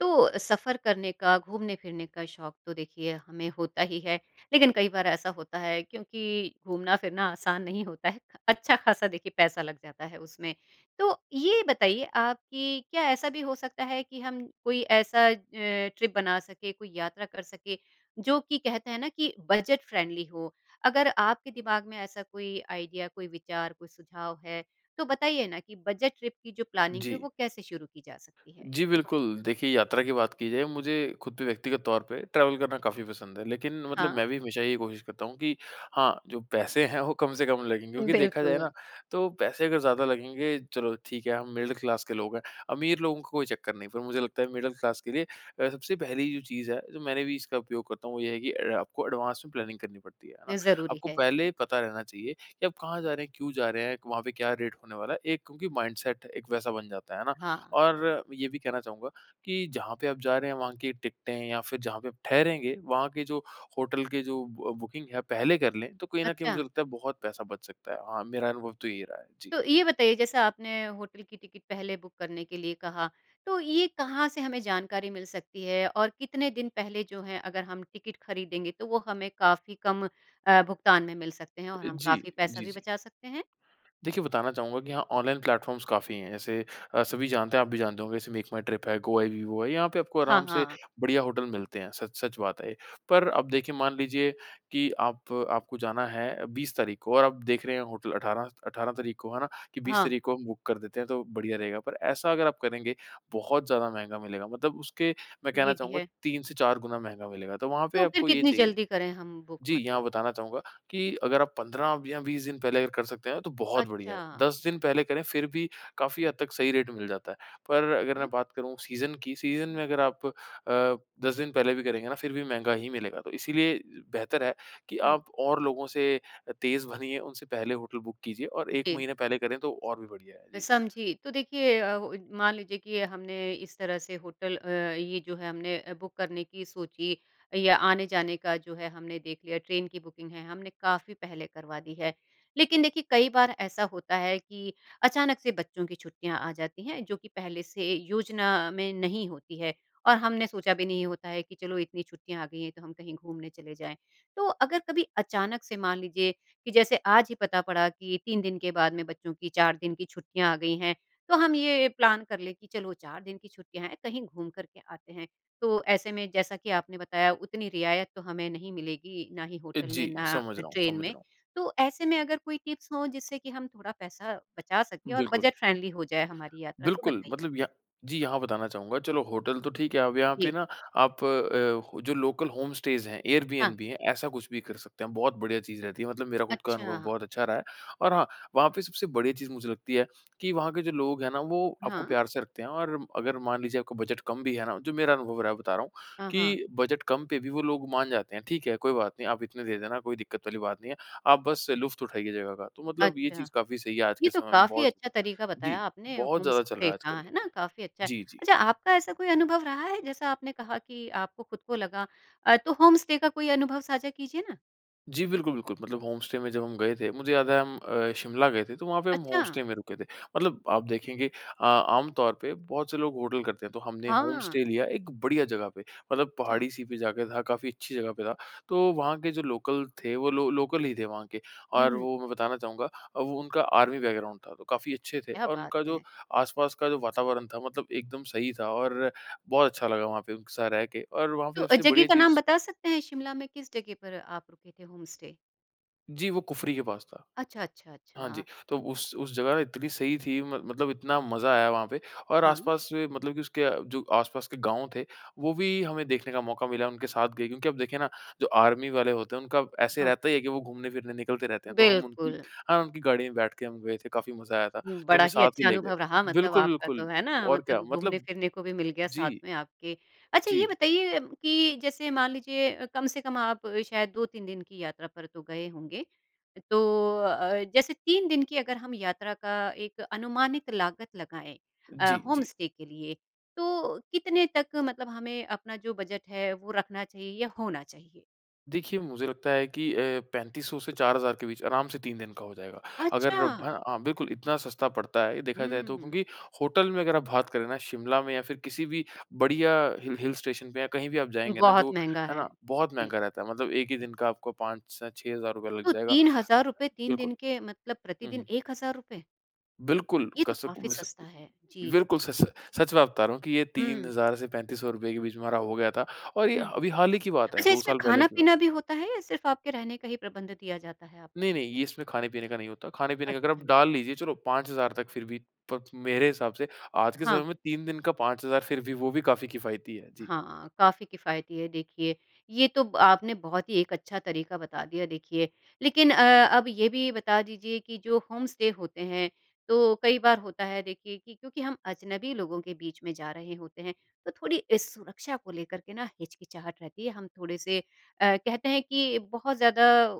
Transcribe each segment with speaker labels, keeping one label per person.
Speaker 1: तो सफ़र करने का, घूमने फिरने का शौक तो देखिए हमें होता ही है लेकिन कई बार ऐसा होता है क्योंकि घूमना फिरना आसान नहीं होता है। अच्छा ख़ासा देखिए पैसा लग जाता है उसमें। तो ये बताइए आप कि क्या ऐसा भी हो सकता है कि हम कोई ऐसा अ, ट्रिप बना सके, कोई यात्रा कर सके जो कि कहते हैं ना कि बजट फ़्रेंडली हो। अगर आपके दिमाग में ऐसा कोई आईडिया, कोई विचार, कोई सुझाव है, तो बताइए ना कि बजट ट्रिप की जो प्लानिंग है
Speaker 2: जी।
Speaker 1: वो कैसे शुरू की जा सकती है?
Speaker 2: जी बिल्कुल। देखिए यात्रा की बात की जाए मुझे खुद भी व्यक्तिगत तौर पे ट्रेवल करना काफ़ी पसंद है लेकिन मतलब
Speaker 1: हाँ।
Speaker 2: मैं भी हमेशा यही कोशिश करता हूँ कि हाँ, जो पैसे हैं वो कम से कम लगें क्योंकि देखा जाए ना
Speaker 1: बिल्कुल।
Speaker 2: तो पैसे अगर ज़्यादा लगेंगे चलो ठीक है हम मिडिल क्लास के लोग हैं अमीर लोगों को कोई चक्कर नहीं है पर मुझे लगता है मिडिल क्लास के लिए अ, सबसे पहली जो चीज़ है जो मैंने भी इसका उपयोग करता हूँ वो ये है कि आपको एडवांस में प्लानिंग करनी पड़ती है है ना?
Speaker 1: ये ज़रूरी
Speaker 2: आपको
Speaker 1: है।
Speaker 2: पहले ही पता रहना चाहिए कि आप कहाँ जा रहे हैं क्यों जा रहे हैं वहाँ पे क्या रेट होने वाला है एक क्योंकि माइंडसेट एक वैसा बन जाता है ना?
Speaker 1: हाँ।
Speaker 2: और ये भी कहना चाहूँगा कि जहाँ पे आप जा रहे हैं वहाँ की टिकटे हैं या फिर जहाँ पे ठहरेंगे वहाँ के जो होटल के जो ब बुकिंग है पहले कर लें तो कहीं ना कहीं मुझे
Speaker 1: अच्छा?
Speaker 2: लगता है बहुत पैसा बच सकता है। हाँ मेरा अनुभव तो ये रहा है। जी।
Speaker 1: तो ये बताइए जैसे आपने होटल की टिकट पहले बुक करने के लिए कहा। तो ये कहाँ से हमें जानकारी मिल सकती है और कितने दिन पहले जो है अगर हम टिकट खरीदेंगे तो वो हमें काफ़ी कम अ, भुगतान में मिल सकते हैं और हम
Speaker 2: जी,
Speaker 1: काफ़ी पैसा
Speaker 2: जी,
Speaker 1: भी
Speaker 2: जी।
Speaker 1: बचा सकते हैं?
Speaker 2: देखिए बताना चाहूँगा कि यहाँ ऑनलाइन प्लेटफ़ॉर्म्स काफ़ी हैं अ, ऐसे सभी जानते हैं आप भी जानते होंगे जैसे मेक माई ट्रिप है, गो आई बीबो है, यहाँ पे आपको
Speaker 1: हाँ,
Speaker 2: आराम से
Speaker 1: हाँ।
Speaker 2: बढ़िया होटल मिलते हैं सच-सच बात है ये पर अब देखिए मान लीजिए कि आप आपको जाना है 20 तारीख को और आप देख रहे हैं होटल 18 18 तारीख को है ना? कि 20
Speaker 1: हाँ।
Speaker 2: तारीख को हम बुक कर देते हैं तो बढ़िया रहेगा पे ऐसा अगर आप करेंगे बहुत ज़्यादा महँगा मिलेगा मतलब उसके मैं कहना
Speaker 1: ये भी
Speaker 2: चाहूँगा
Speaker 1: है।
Speaker 2: 3 से 4 गुना महँगा मिलेगा तो वहाँ पे
Speaker 1: तो फिर
Speaker 2: आपको ये
Speaker 1: कितनी
Speaker 2: चाहिए।
Speaker 1: जल्दी करें हम बुक
Speaker 2: जी। यहाँ
Speaker 1: मतलब?
Speaker 2: बताना चाहूँगा कि अगर आप 15 या 20 दिन पहले अगर कर सकते हैं तो बहुत बढ़िया है।
Speaker 1: अच्छा।
Speaker 2: 10 दिन पहले करें फिर भी काफ़ी हद तक सही रेट मिल जाता है। पर
Speaker 1: ठीक
Speaker 2: अगर मैं
Speaker 1: है।
Speaker 2: बात करूँ सीज़न की सीज़न में अगर आप अ, 10 दिन पहले भी करेंगे ना फिर भी महँगा ही मिलेगा तो इसलिए बेहतर है कि
Speaker 1: हुँ।
Speaker 2: आप और लोगों से तेज़ बनिए उनसे पहले होटल बुक कीजिए और 1
Speaker 1: जी।
Speaker 2: महीने पहले करें तो और भी बढ़िया है।
Speaker 1: मैं
Speaker 2: जी।
Speaker 1: समझी। तो देखिए अ, मान लीजिए कि हमने इस तरह से होटल अ, ये जो है हमने अ, बुक करने की सोची या आने जाने का जो है हमने देख लिया ट्रेन की बुकिंग है हमने काफ़ी पहले करवा दी है लेकिन देखिए कई बार ऐसा होता है कि अचानक से बच्चों की छुट्टियाँ आ जाती हैं जो की पहले से योजना में नहीं होती है और हमने सोचा भी नहीं होता है की चलो इतनी छुट्टियाँ आ गई है तो हम कहीं घूमने चले जाएँ तो अगर कभी अचानक से मान लीजिए कि जैसे आज ही पता पड़ा की 3 दिन के बाद में बच्चों की 4 दिन की छुट्टियाँ आ गई हैं तो हम ये प्लान कर ले की चलो 4 दिन की छुट्टियाँ हैं कहीं घूम करके आते हैं तो ऐसे में जैसा कि आपने बताया उतनी रियायत तो हमें नहीं मिलेगी ना ही
Speaker 2: ए,
Speaker 1: होटल में,
Speaker 2: जी।
Speaker 1: ना
Speaker 2: समझ रहा हूँ,
Speaker 1: ट्रेन
Speaker 2: समझ
Speaker 1: में।
Speaker 2: रहा हूँ।
Speaker 1: तो ऐसे में अगर कोई टिप्स हो जिससे कि हम थोड़ा पैसा बचा सके और
Speaker 2: बिल्कुल।
Speaker 1: बजट फ़्रेंडली हो जाए हमारी यात्रा तो
Speaker 2: बिल्कुल
Speaker 1: बताइए।
Speaker 2: मतलब या जी। यहाँ बताना चाहूँगा चलो होटल तो ठीक है अब यहाँ पे
Speaker 1: जी।
Speaker 2: ना आप अ, जो लोकल होम स्टेस हैं एयर बीएनबी
Speaker 1: हाँ।
Speaker 2: भी है ऐसा कुछ भी कर सकते हैं। बहुत बढ़िया चीज़ रहती है। मतलब मेरा खुद का अनुभव
Speaker 1: अच्छा।
Speaker 2: बहुत अच्छा रहा है और हाँ वहाँ पे सबसे बड़ी चीज़ मुझे लगती है कि वहाँ के जो लोग हैं ना वो आपको
Speaker 1: हाँ।
Speaker 2: प्यार से रखते हैं और अगर मान लीजिए आपको बजट कम भी है ना जो मेरा अनुभव रहा है बता रहा हूँ
Speaker 1: हाँ, हाँ।
Speaker 2: कि बजट कम पे भी वो लोग मान जाते हैं ठीक है कोई बात नहीं आप इतने दे देना कोई दिक्कत वाली बात नहीं है। आप बस लुफ़्त उठाइए जगह का तो मतलब ये
Speaker 1: अच्छा
Speaker 2: चीज़ काफ़ी सही है आज
Speaker 1: ये
Speaker 2: के
Speaker 1: तो
Speaker 2: समय में
Speaker 1: काफ़ी
Speaker 2: बहुत।
Speaker 1: अच्छा तरीका बताया
Speaker 2: जी
Speaker 1: आपने
Speaker 2: बहुत
Speaker 1: होम
Speaker 2: ज़्यादा चल रहा
Speaker 1: स्टे
Speaker 2: है
Speaker 1: का
Speaker 2: आजकल।
Speaker 1: है ना? काफ़ी अच्छा है।
Speaker 2: जी, जी।
Speaker 1: अच्छा आपका ऐसा कोई अनुभव रहा है जैसा आपने कहा कि आपको खुद को लगा अ, तो होम स्टे का कोई अनुभव साझा कीजिए ना?
Speaker 2: जी। बिल्कुल, बिल्कुल। मतलब होम स्टे में जब हम गए थे। मुझे याद है हम अ, शिमला गए थे। तो वहाँ पे हम होम
Speaker 1: अच्छा?
Speaker 2: स्टे में रुके थे। मतलब आप देखेंगे अ, आमतौर पे बहुत से लोग होटल करते हैं। तो हमने होम स्टे
Speaker 1: हाँ।
Speaker 2: लिया एक बढ़िया जगह पे। मतलब
Speaker 1: अच्छा।
Speaker 2: पहाड़ी सी पे जाकर था काफ़ी अच्छी जगह पे था तो वहाँ के जो लोकल थे वो लो लोकल ही थे वहाँ के
Speaker 1: हुँ,
Speaker 2: और
Speaker 1: हुँ।
Speaker 2: वो मैं बताना चाहूँगा अब उनका आर्मी बैकग्राउंड था तो काफ़ी अच्छे थे
Speaker 1: क्या
Speaker 2: और
Speaker 1: बात
Speaker 2: उनका जो
Speaker 1: है।
Speaker 2: आसपास का जो वातावरण था मतलब एकदम सही था और बहुत अच्छा लगा वहाँ पे उनके साथ रहके और वहाँ पे
Speaker 1: तो
Speaker 2: सबसे
Speaker 1: जगह
Speaker 2: बढ़िया
Speaker 1: का नाम
Speaker 2: चीज़
Speaker 1: बता सकते हैं शिमला में किस जगह पर आप रुके थे होम स्टे?
Speaker 2: जी, वो कुफरी के पास था।
Speaker 1: अच्छा, अच्छा,
Speaker 2: हाँ जी,
Speaker 1: अच्छा।
Speaker 2: तो उस उस जगह इतनी सही थी मत मतलब इतना मज़ा आया वहाँ पे और
Speaker 1: हाँ।
Speaker 2: आस-पास में मतलब कि उसके जो आस-पास के गाँव थे, वो भी हमें देखने का मौका मिला, उनके साथ गए क्योंकि अब देखिए ना, जो आर्मी वाले होते हैं उनका ऐसे
Speaker 1: हाँ।
Speaker 2: रहता ही है कि वो घूमने-फिरने निकलते रहते हैं। तो हम उनकी
Speaker 1: बिल्कुल।
Speaker 2: हाँ, उनकी गाड़ी में बैठके हम गए थे, काफ़ी मज़ा आया था। तो
Speaker 1: बड़ा
Speaker 2: हमें
Speaker 1: ही
Speaker 2: साथ ही
Speaker 1: अच्छा
Speaker 2: ले गए
Speaker 1: अनुभव रहा
Speaker 2: थे।
Speaker 1: मतलब
Speaker 2: बिल्कुल,
Speaker 1: आपका
Speaker 2: बिल्कुल।
Speaker 1: तो, है ना?
Speaker 2: और क्या
Speaker 1: मतलब
Speaker 2: मतलब
Speaker 1: घूमने-फिरने को भी मिल गया साथ
Speaker 2: जी।
Speaker 1: में आपके। अच्छा ये
Speaker 2: जी।
Speaker 1: बताइए कि जैसे मान लीजिए अ, कम से कम आप शायद 2-3 दिन की यात्रा पर तो गए होंगे, तो अ, जैसे 3 दिन की अगर हम यात्रा का एक अनुमानित लागत लगाएँ अ,
Speaker 2: जी,
Speaker 1: होम
Speaker 2: जी।
Speaker 1: स्टे के लिए, तो कितने तक मतलब हमें अपना जो बजट है वो रखना चाहिए या होना चाहिए?
Speaker 2: देखिए, मुझे लगता है कि अ, 3500 से 4000 के बीच आराम से 3 दिन का हो जाएगा। अगर हैं,
Speaker 1: अच्छा।
Speaker 2: हाँ, बिल्कुल इतना सस्ता पड़ता है ये, देखा जाए तो
Speaker 1: हुँ।
Speaker 2: क्योंकि होटल में अगर आप बात करें ना, शिमला में या फिर किसी भी बढ़िया हिल हिल स्टेशन पे या कहीं भी आप जाएँगे ना
Speaker 1: बहुत
Speaker 2: जो
Speaker 1: महँगा
Speaker 2: है
Speaker 1: है।
Speaker 2: ना, बहुत
Speaker 1: जी।
Speaker 2: महँगा रहता है। मतलब एक ही दिन का आपको 5 से 6000 रुपए लग
Speaker 1: तो
Speaker 2: जाएगा।
Speaker 1: ₹3000 3
Speaker 2: बिल्कुल।
Speaker 1: दिन के, मतलब
Speaker 2: हुँ,
Speaker 1: प्रतिदिन
Speaker 2: हुँ।
Speaker 1: ₹1000?
Speaker 2: बिल्कुल,
Speaker 1: ये तो
Speaker 2: कसक
Speaker 1: काफ़ी
Speaker 2: मिस अ,
Speaker 1: सस्ता है। जी,
Speaker 2: बिल्कुल
Speaker 1: जी।
Speaker 2: सच, सच सच बात बता रहा हूँ कि ये तीन
Speaker 1: हुँ।
Speaker 2: हज़ार से 3500 रुपए के बीच में हमारा हो गया था और ये
Speaker 1: हुँ।
Speaker 2: अभी हाल ही की बात है,
Speaker 1: अच्छा,
Speaker 2: 2
Speaker 1: इसमें
Speaker 2: साल पहले की बात है।
Speaker 1: खाना-पीना भी होता है या सिर्फ़ आपके रहने का ही प्रबंध दिया जाता है आपको?
Speaker 2: नहीं, नहीं, इसमें खाने-पीने का नहीं होता। खाने-पीने का अगर आप
Speaker 1: अच्छा।
Speaker 2: डाल लीजिए, चलो, पाँच हज़ार तक फिर भी। पर मेरे हिसाब से आज के समय
Speaker 1: हाँ।
Speaker 2: में 3 दिन का 5000 फिर भी वो भी काफ़ी किफायती है। जी।
Speaker 1: हाँ, काफ़ी किफ़ायती है देखिए। ये तो ब आपने बहुत ही एक अच्छा तरीका बता दिया देखिए। लेकिन अ, अब ये भी बता दीजिए कि जो होम स्टे होते हैं, तो कई बार होता है देखिए कि क्योंकि हम अजनबी लोगों के बीच में जा रहे होते हैं, तो थोड़ी अ, सुरक्षा को लेकर के ना हिचकिचाहट रहती है। हम थोड़े से अ, कहते हैं कि बहुत ज़्यादा अ, अ,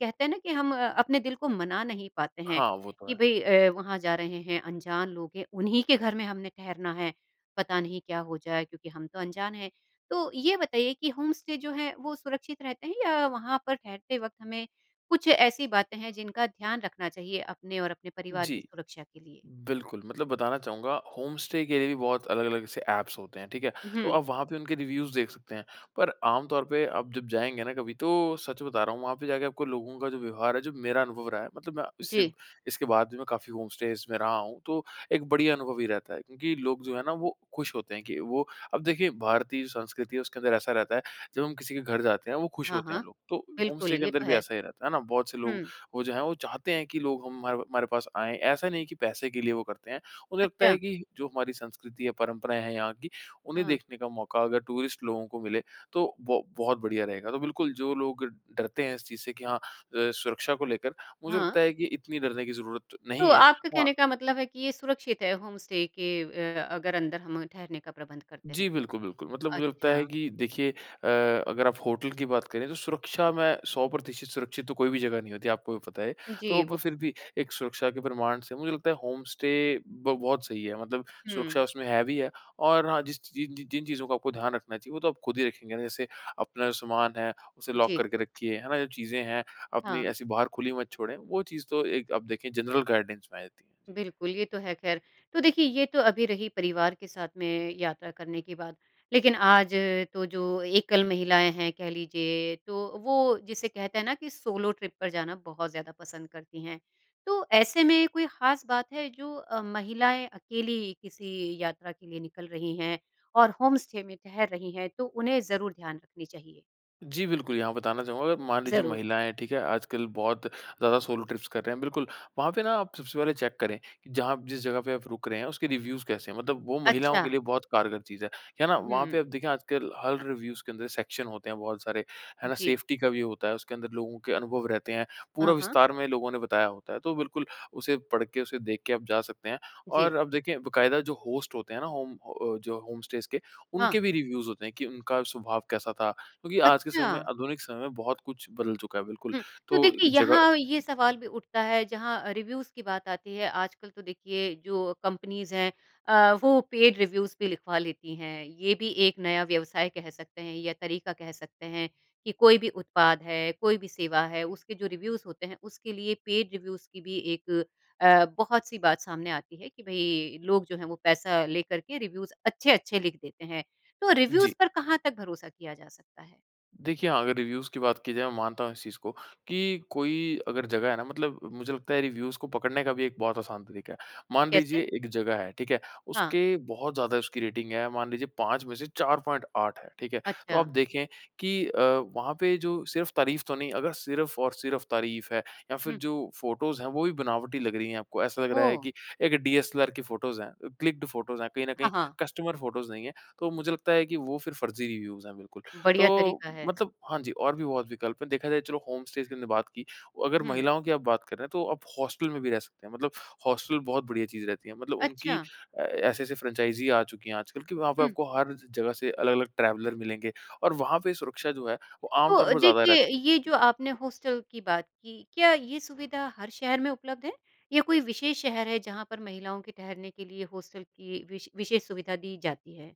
Speaker 1: कहते हैं ना कि हम अपने दिल को मना नहीं पाते हैं
Speaker 2: हाँ, वो तो
Speaker 1: कि,
Speaker 2: है।
Speaker 1: "भई अ, वहाँ जा रहे हैं, अनजान लोग हैं। उन्हीं के घर में हमने ठहरना है, पता नहीं क्या हो जाए? क्योंकि हम तो अनजान हैं।" तो ये बताइए कि होम स्टे जो है, वो सुरक्षित रहते हैं या वहाँ पर ठहरते वक़्त हमें कुछ ऐसी बातें हैं जिनका ध्यान रखना चाहिए अपने और अपने परिवार की
Speaker 2: जी।
Speaker 1: सुरक्षा के लिए?
Speaker 2: बिल्कुल, मतलब बताना चाहूँगा होम स्टे के लिए भी बहुत अलग-अलग से ऐप्स होते हैं, ठीक है। तो
Speaker 1: हुँ।
Speaker 2: आप वहाँ पे उनके रिव्युज़ देख सकते हैं। पर आमतौर पे आप जब जाएँगे ना कभी, तो सच बता रहा हूँ, वहाँ पे जाके आपको लोगों का जो व्यवहार है, जो मेरा अनुभव रहा है मतलब मैं इससे
Speaker 1: जी।
Speaker 2: इसके बाद भी मैं काफ़ी होम स्टेज़ में रहा हूँ, तो एक बढ़िया अनुभव ही रहता है। क्योंकि लोग जो है ना, वो खुश होते हैं कि वो अब देखिए, भारतीय संस्कृति है उसके अंदर ऐसा रहता है, जब हम किसी के घर जाते हैं वो खुश
Speaker 1: हाँ,
Speaker 2: होते
Speaker 1: हाँ।
Speaker 2: हैं लोग, तो होम
Speaker 1: बिल्कुल,
Speaker 2: स्टे के
Speaker 1: ये
Speaker 2: अंदर
Speaker 1: तो
Speaker 2: भी
Speaker 1: है।
Speaker 2: ऐसा ही रहता है, है ना? बहुत से लोग
Speaker 1: हुँ।
Speaker 2: वो जो हैं वो चाहते हैं कि लोग हमारे हमारे पास आएँ। ऐसा नहीं कि पैसे के लिए वो करते हैं। उन्हें लगता
Speaker 1: अच्छा।
Speaker 2: है कि जो हमारी संस्कृति है, परंपराएँ हैं यहाँ की, उन्हें
Speaker 1: हाँ।
Speaker 2: देखने का मौका अगर टूरिस्ट लोगों को मिले तो वो बहुत बढ़िया रहेगा। तो बिल्कुल, जो लोग डरते हैं इस चीज़ से कि हाँ अ, सुरक्षा को लेकर मुझे
Speaker 1: हाँ।
Speaker 2: लगता है कि इतनी डरने की ज़रूरत
Speaker 1: तो
Speaker 2: नहीं है।
Speaker 1: आपके
Speaker 2: हाँ।
Speaker 1: कहने का मतलब है कि ये सुरक्षित है होम स्टे के अ, अगर अंदर हम ठहरने का प्रबंध करते हैं
Speaker 2: जी,
Speaker 1: तो?
Speaker 2: बिल्कुल, बिल्कुल। मतलब मुझे लगता है
Speaker 1: अच्छा।
Speaker 2: कि देखिए अ, अगर आप होटल की बात करें तो सुरक्षा मैं 100% सुरक्षित तो कोई भी जगह नहीं होती, आपको भी पता है। तो
Speaker 1: जी,
Speaker 2: पर
Speaker 1: वो
Speaker 2: फिर भी
Speaker 1: तो है।
Speaker 2: एक सुरक्षा के प्रमाण से मुझे लगता है होम स्टे ब बहुत सही है मतलब सुरक्षा
Speaker 1: हुँ।
Speaker 2: उसमें हेवी है। और हाँ, जिस च जिन जि जिन चीज़ों का आपको ध्यान रखना चाहिए, वो तो आप ख़ुद ही रखेंगे ना, जैसे अपना जो सामान है, उसे लॉक
Speaker 1: जी।
Speaker 2: करके रखिए, है ना? जब चीज़ें हैं अपनी
Speaker 1: हाँ।
Speaker 2: ऐसी बाहर खुली मत छोड़ें। वो चीज़ तो एक अब देखें जनरल गाइडेंस में आ जाती हैं। जी।
Speaker 1: बिल्कुल, ये तो है ख़ैर। तो देखिए, ये तो अभी रही परिवार के साथ में यात्रा करने की बात। लेकिन आज तो जो एकल महिलाएँ हैं कह लीजिए, तो वो जिसे कहते हैं ना कि सोलो ट्रिप पर जाना बहुत ज़्यादा पसंद करती हैं। तो ऐसे में कोई खास बात है जो अ, महिलाएँ अकेली किसी यात्रा के लिए निकल रही हैं और होम स्टे में ठहर रही हैं, तो उन्हें ज़रूर ध्यान रखनी चाहिए?
Speaker 2: जी बिल्कुल, यहाँ बताना चाहूँगा, अगर मान लीजिए
Speaker 1: ज़रूर।
Speaker 2: महिलाएँ, ठीक है, आजकल बहुत ज़्यादा सोलो ट्रिप्स कर रहे हैं, बिल्कुल। वहाँ पे ना आप सबसे पहले चेक करें कि जहाँ जिस जगह पे आप रुक रहे हैं, उसके रिव्युज़ कैसे हैं? मतलब वो महिलाओं के
Speaker 1: अच्छा।
Speaker 2: लिए बहुत कारगर चीज़ है। है ना? वहाँ पे अब
Speaker 1: हुँ।
Speaker 2: देखें आजकल हर रिव्युज़ के अंदर सेक्शन होते हैं बहुत सारे। है ना?
Speaker 1: जी।
Speaker 2: सेफ्टी का भी होता है, उसके अंदर लोगों के अनुभव रहते हैं। पूरा
Speaker 1: हाँ, हाँ।
Speaker 2: विस्तार में लोगों ने बताया होता है। तो बिल्कुल, उसे पढ़के, उसे देख के आप जा सकते हैं। और
Speaker 1: जी।
Speaker 2: अब देखिए, बाकायदा जो होस्ट होते हैं ना होम अ, जो होम स्टेज़ के,
Speaker 1: हाँ।
Speaker 2: उनके भी रिव्युज़ होते हैं कि उनका स्वभाव कैसा था? क्योंकि आज के समय में
Speaker 1: अच्छा।
Speaker 2: आधुनिक समय में बहुत कुछ बदल चुका है, बिल्कुल।
Speaker 1: हुँ। तो
Speaker 2: तो एक
Speaker 1: देखिए,
Speaker 2: जगह
Speaker 1: यहाँ ये सवाल भी उठता है जहाँ रिव्युज़ की बात आती है। आजकल तो देखिए जो कम्पनीज़ हैं अ, वो पेड रिव्युज़ भी लिखवा लेती हैं। ये भी एक नया व्यवसाय कह सकते हैं या तरीका कह सकते हैं कि कोई भी उत्पाद है, कोई भी सेवा है, उसके जो रिव्युज़ होते हैं, उसके लिए पेड रिव्युज़ की भी एक अ, बहुत-सी बात सामने आती है कि, "भई, लोग जो हैं वो पैसा लेकर के रिव्युज़ अच्छे-अच्छे लिख देते हैं।" तो
Speaker 2: जी।
Speaker 1: रिव्युज़ पर कहाँ तक भरोसा किया जा सकता है?
Speaker 2: देखिए, अगर रिव्युज़ की बात की जाए, मैं मानता हूँ इस चीज़ को कि कोई अगर जगह है ना मतलब मुझे लगता है रिव्युज़ को पकड़ने का भी एक बहुत आसान तरीका है। मान
Speaker 1: कैसे?
Speaker 2: लीजिए एक जगह है, ठीक है?
Speaker 1: हाँ।
Speaker 2: उसके बहुत ज़्यादा उसकी रेटिंग है, मान लीजिए 5 में से 4.8 है, ठीक है? तो आप
Speaker 1: अच्छा।
Speaker 2: देखें कि अ, वहाँ पे जो सिर्फ़ तारीफ़ तो नहीं? अगर सिर्फ़ और सिर्फ़ तारीफ़ है या फिर
Speaker 1: हुँ।
Speaker 2: जो फोटोज़ हैं, वो भी बनावटी लग रही हैं आपको, ऐसा लग रहा है
Speaker 1: ओह!
Speaker 2: कि एक डीएसएलआर की फोटोज़ हैं अ, क्लिक्ड फोटोज़ कहीं ना कहीं
Speaker 1: हाँ, हाँ।
Speaker 2: कस्टमर फोटोज़ नहीं है। तो मुझे लगता है कि वो फ़िर फ़र्ज़ी रिव्युज़ हैं बिल्कुल।
Speaker 1: बढ़िया
Speaker 2: तो
Speaker 1: तरीका है।
Speaker 2: मतलब हाँ जी, और भी बहुत विकल्प हैं। देखा जाए चलो, होम स्टेज़ की हमने बात की। अगर
Speaker 1: हुँ।
Speaker 2: महिलाओं की आप बात कर रहे हैं, तो आप हॉस्टल में भी रह सकते हैं मतलब हॉस्टल बहुत बढ़िया चीज़ रहती है। मतलब उनकी
Speaker 1: अच्छा।
Speaker 2: अ, ऐसी-ऐसी फ्रेंचाइज़ी आ चुकी हैं आजकल कि वहाँ पे
Speaker 1: हुँ।
Speaker 2: आपको हर ज जगह से अलग-अलग ट्रैवलर मिलेंगे, और वहाँ पे सुरक्षा जो है, वो
Speaker 1: तो
Speaker 2: आमतौर
Speaker 1: अ,
Speaker 2: पर ज़्यादा
Speaker 1: देखिए,
Speaker 2: रहती
Speaker 1: ये
Speaker 2: है।
Speaker 1: जो आपने हॉस्टल की बात की, क्या ये सुविधा हर शहर में उपलब्ध है? या कोई विशेष शहर है जहाँ पर महिलाओं के ठहरने के लिए हॉस्टल की विश विशेष सुविधा दी जाती है?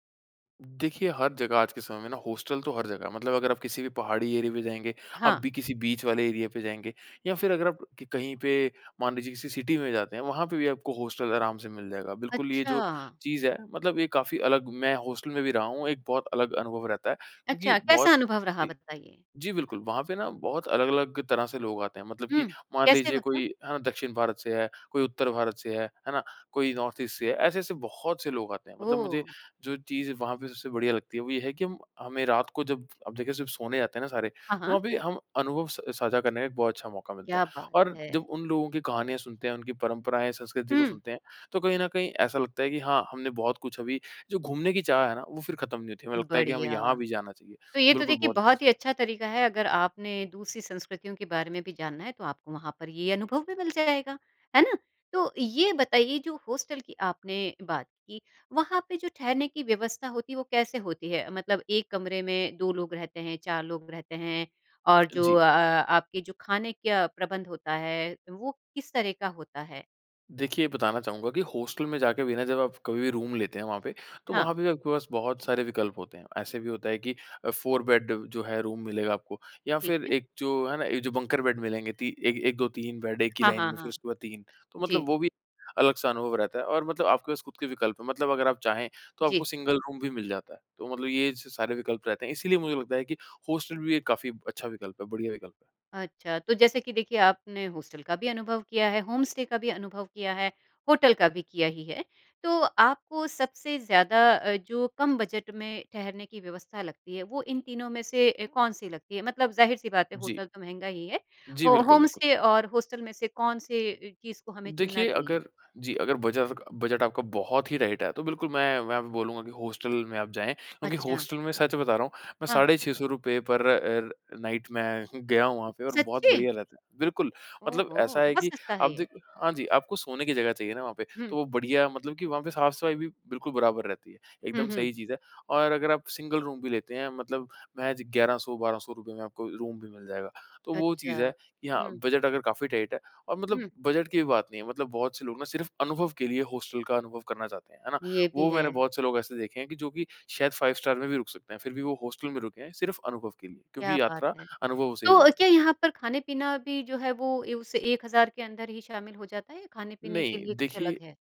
Speaker 2: देखिए, हर जगह आज के समय में ना हॉस्टल तो हर जगह है। मतलब अगर आप किसी भी पहाड़ी एरिया पे जाएँगे, आप
Speaker 1: हाँ।
Speaker 2: भी किसी बीच वाले एरिया पे जाएँगे या फिर अगर आप क कहीं पे, मान लीजिए किसी सिटी में जाते हैं, वहाँ पे भी आपको हॉस्टल आराम से मिल जाएगा। बिल्कुल, ये जो
Speaker 1: अच्छा!
Speaker 2: चीज़ है मतलब ये काफ़ी अलग मैं हॉस्टल में भी रहा हूँ, एक बहुत अलग अनुभव रहता है क्योंकि
Speaker 1: अच्छा, कैसा
Speaker 2: बहुत
Speaker 1: अनुभव रहा?
Speaker 2: जी,
Speaker 1: बताइए।
Speaker 2: जी बिल्कुल। वहाँ पे ना बहुत अलग-अलग तरह से लोग आते हैं। मतलब कि
Speaker 1: हुँ,
Speaker 2: मान
Speaker 1: कैसे
Speaker 2: लीजिए
Speaker 1: मतलब?
Speaker 2: कोई अ, दक्षिण भारत से है, कोई उत्तर भारत से है, है ना? कोई नॉर्थ ईस्ट से है, ऐसे-ऐसे बहुत से लोग आते हैं। मतलब मुझे
Speaker 1: ओह!
Speaker 2: जो चीज़ वहाँ पे सबसे बढ़िया लगती है, वो ये है कि हम हमें रात को जब अब देखिए जब सोने जाते हैं ना सारे,
Speaker 1: हाँ,
Speaker 2: तो
Speaker 1: हाँ।
Speaker 2: अभी हम अनुभव स साझा करने का एक बहुत अच्छा मौका मिलता
Speaker 1: क्या
Speaker 2: है।
Speaker 1: बात
Speaker 2: और जब
Speaker 1: है।
Speaker 2: उन लोगों की कहानियाँ सुनते हैं, उनकी परंपराएँ, संस्कृति को
Speaker 1: हुँ।
Speaker 2: सुनते हैं, तो कहीं ना कहीं ऐसा लगता है कि हाँ, हमने बहुत कुछ अभी जो घूमने की चाह है ना, वो फिर खत्म नहीं होती। हमें लगता है कि हमें
Speaker 1: बढ़िया।
Speaker 2: यहाँ भी जाना चाहिए।
Speaker 1: तो ये तो
Speaker 2: बिल्कुल
Speaker 1: देखिए
Speaker 2: बहुत
Speaker 1: बहुत ही
Speaker 2: [unintelligible]
Speaker 1: अच्छा तरीका है, अगर आपने दूसरी संस्कृतियों के बारे में भी जानना है, तो आपको वहाँ पर ये अनुभव भी मिल जाएगा। है ना? तो ये बताइए जो हॉस्टल की आपने बात की, वहाँ पे जो ठहरने की व्यवस्था होती है, वो कैसे होती है? मतलब एक कमरे में 2 लोग रहते हैं, 4 लोग रहते हैं और जो
Speaker 2: जी।
Speaker 1: अ, अ, आपके जो खाने क्या प्रबंध होता है, वो किस तरह का होता है?
Speaker 2: देखिए, बताना चाहूँगा कि हॉस्टल में जाके भी ना जब आप कभी भी रूम लेते हैं वहाँ पे, तो
Speaker 1: हाँ।
Speaker 2: वहाँ पे आपके पास बहुत सारे विकल्प होते हैं। ऐसे भी होता है कि अ, 4 बेड जो है रूम मिलेगा आपको या
Speaker 1: ठीक
Speaker 2: फिर
Speaker 1: है।
Speaker 2: एक जो है ना, एक जो बंकर बेड मिलेंगे ती एक 1, 2,, 3 बेड एक ही
Speaker 1: हाँ,
Speaker 2: लाइन
Speaker 1: हाँ,
Speaker 2: में, फिर
Speaker 1: हाँ।
Speaker 2: उसके बाद 3, तो मतलब
Speaker 1: जी।
Speaker 2: वो भी अलग-सा अनुभव रहता है। और मतलब आपके पास ख़ुद के विकल्प हैं मतलब अगर आप चाहें, तो आपको
Speaker 1: जी।
Speaker 2: सिंगल रूम भी मिल जाता है। तो मतलब ये छ सारे विकल्प रहते हैं। इसीलिए मुझे लगता है कि हॉस्टल भी एक काफ़ी अच्छा विकल्प है, बढ़िया विकल्प है।
Speaker 1: अच्छा। तो जैसे कि देखिए, आपने हॉस्टल का भी अनुभव किया है, होम स्टे का भी अनुभव किया है, होटल का भी किया ही है। तो आपको सबसे ज़्यादा अ, जो कम बजट में ठहरने की व्यवस्था लगती है, वो इन तीनों में से अ, कौन सी लगती है? मतलब ज़ाहिर-सी बात है
Speaker 2: जी।
Speaker 1: होटल तो महँगा ही है।
Speaker 2: जी,
Speaker 1: हो
Speaker 2: बिल्कुल,
Speaker 1: होम
Speaker 2: बिल्कुल।
Speaker 1: स्टे और हॉस्टल में से कौन से अ, चीज़ को हमें चुनना
Speaker 2: देखिए,
Speaker 1: चाहिए?
Speaker 2: अगर जी, अगर बचा सका बजट आपका बहुत ही टाइट है, तो बिल्कुल मैं मैं वहाँ पे बोलूँगा कि हॉस्टल में आप जाएँ क्योंकि
Speaker 1: अच्छा।
Speaker 2: हॉस्टल में सच बता रहा हूँ, मैं
Speaker 1: हाँ।
Speaker 2: साढ़े ₹600 रुपए पर अ, नाईट मैं गया हूँ वहाँ पे और बहुत
Speaker 1: सच्ची?
Speaker 2: बढ़िया रहता है। बिल्कुल, मतलब ऐसा
Speaker 1: ओहो!
Speaker 2: है
Speaker 1: बहुत
Speaker 2: कि
Speaker 1: सस्ता
Speaker 2: आप
Speaker 1: है ये।
Speaker 2: देख हाँ जी, आपको सोने की जगह चाहिए ना वहाँ पे, तो
Speaker 1: हुँ।
Speaker 2: वो बढ़िया मतलब कि वहाँ पे साफ़-सफ़ाई भी बिल्कुल बराबर रहती है,
Speaker 1: हुँ,
Speaker 2: एकदम
Speaker 1: हुँ।
Speaker 2: सही चीज़ है। और अगर आप सिंगल रूम भी लेते हैं मतलब महज़ ₹1100, ₹1200 में आपको रूम भी मिल जाएगा। तो वो
Speaker 1: अच्छा।
Speaker 2: चीज़ है कि हाँ,
Speaker 1: हुँ।
Speaker 2: बजट अगर काफ़ी टाइट है और मतलब
Speaker 1: हुँ।
Speaker 2: बजट की भी बात नहीं है, मतलब बहुत से लोग ना सिर्फ़ अनुभव के लिए हॉस्टल का अनुभव करना चाहते हैं। है ना?
Speaker 1: ये भी
Speaker 2: वो
Speaker 1: है।
Speaker 2: मैंने बहुत से लोग ऐसे देखे हैं कि जो कि शायद 5 स्टार में भी रुक सकते हैं। फिर भी वो हॉस्टल में रुके हैं सिर्फ अनुभव के लिए
Speaker 1: क्या
Speaker 2: क्योंकि
Speaker 1: बात
Speaker 2: यात्रा
Speaker 1: है।
Speaker 2: अनुभवों से ही बनी
Speaker 1: तो क्या
Speaker 2: है। जी।
Speaker 1: यहाँ पर खाने-पीना भी जो है, वो ए उस 1000 के अंदर ही शामिल हो जाता है या खाने-पीने के
Speaker 2: नहीं,
Speaker 1: लिए कुछ
Speaker 2: देखिए,
Speaker 1: अलग है?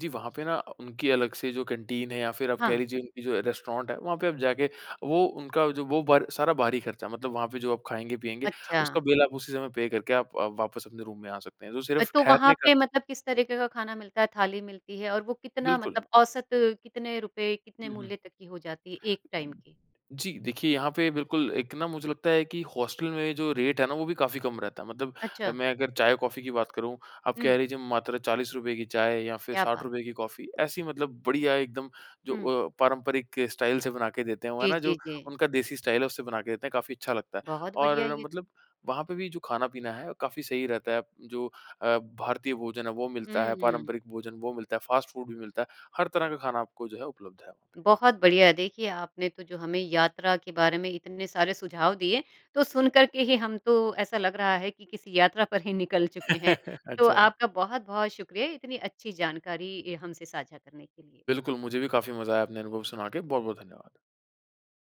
Speaker 2: जी वहाँ पे ना अ, उनकी अलग से जो कैंटीन है या फिर आप कह
Speaker 1: हाँ।
Speaker 2: लीजिए उनकी जो रेस्टोरेंट है, वहाँ पे आप जाके, वो उनका जो वो बर सारा बाहरी खर्चा, मतलब वहाँ पे जो आप खाएँगे-पिएँगे, उसका
Speaker 1: अच्छा।
Speaker 2: बिल आप उसी समय पे करके आप आप वापस अपने रूम में आ सकते हैं। तो
Speaker 1: अ,
Speaker 2: सिर्फ़
Speaker 1: तो वहाँ
Speaker 2: ठहरने का
Speaker 1: पे मतलब किस तरीके का खाना मिलता है, थाली मिलती है और वो कितना
Speaker 2: बिल्कुल।
Speaker 1: मतलब औसत कितने रुपए, कितने
Speaker 2: हुँ, हुँ।
Speaker 1: मूल्य तक की हो जाती है एक टाइम की?
Speaker 2: जी, देखिए, यहाँ पे बिल्कुल एक ना मुझे लगता है कि हॉस्टल में जो रेट है ना, वो भी काफ़ी कम रहता है। मतलब अ,
Speaker 1: अच्छा।
Speaker 2: मैं अगर चाय-कॉफ़ी की बात करूँ, आप
Speaker 1: हुँ।
Speaker 2: कह लीजिए मात्र ₹40 की चाय या फिर
Speaker 1: क्या
Speaker 2: साठ
Speaker 1: बात।
Speaker 2: रुपए की कॉफ़ी। ऐसी मतलब बढ़िया एकदम जो
Speaker 1: हुँ।
Speaker 2: अ, पारंपरिक स्टाइल से बना के देते हैं वो, है
Speaker 1: जी,
Speaker 2: ना,
Speaker 1: जी,
Speaker 2: जो
Speaker 1: जी।
Speaker 2: उनका देसी स्टाइल है उससे बना के देते हैं, काफ़ी अच्छा लगता है।
Speaker 1: बहुत बढ़िया है
Speaker 2: और
Speaker 1: ये।
Speaker 2: मतलब वहाँ पे भी जो खाना-पीना है, काफ़ी सही रहता है। जो अ, भारतीय भोजन है वो मिलता है,
Speaker 1: हुँ।
Speaker 2: पारंपरिक भोजन वो मिलता है, फ़ास्ट फ़ूड भी मिलता है। हर तरह का खाना आपको जो है उपलब्ध है वहाँ पे।
Speaker 1: बहुत बढ़िया। देखिए, आपने तो जो हमें यात्रा के बारे में इतने सारे सुझाव दिए, तो सुनकर के ही हम तो ऐसा लग रहा है कि किसी यात्रा पर ही निकल चुके हैं। तो
Speaker 2: अच्छा।
Speaker 1: आपका बहुत-बहुत शुक्रिया इतनी अच्छी जानकारी ए हमसे साझा करने के लिए।
Speaker 2: बिल्कुल, मुझे भी काफ़ी मज़ा आया अपने अनुभव सुना के। बहुत-बहुत धन्यवाद।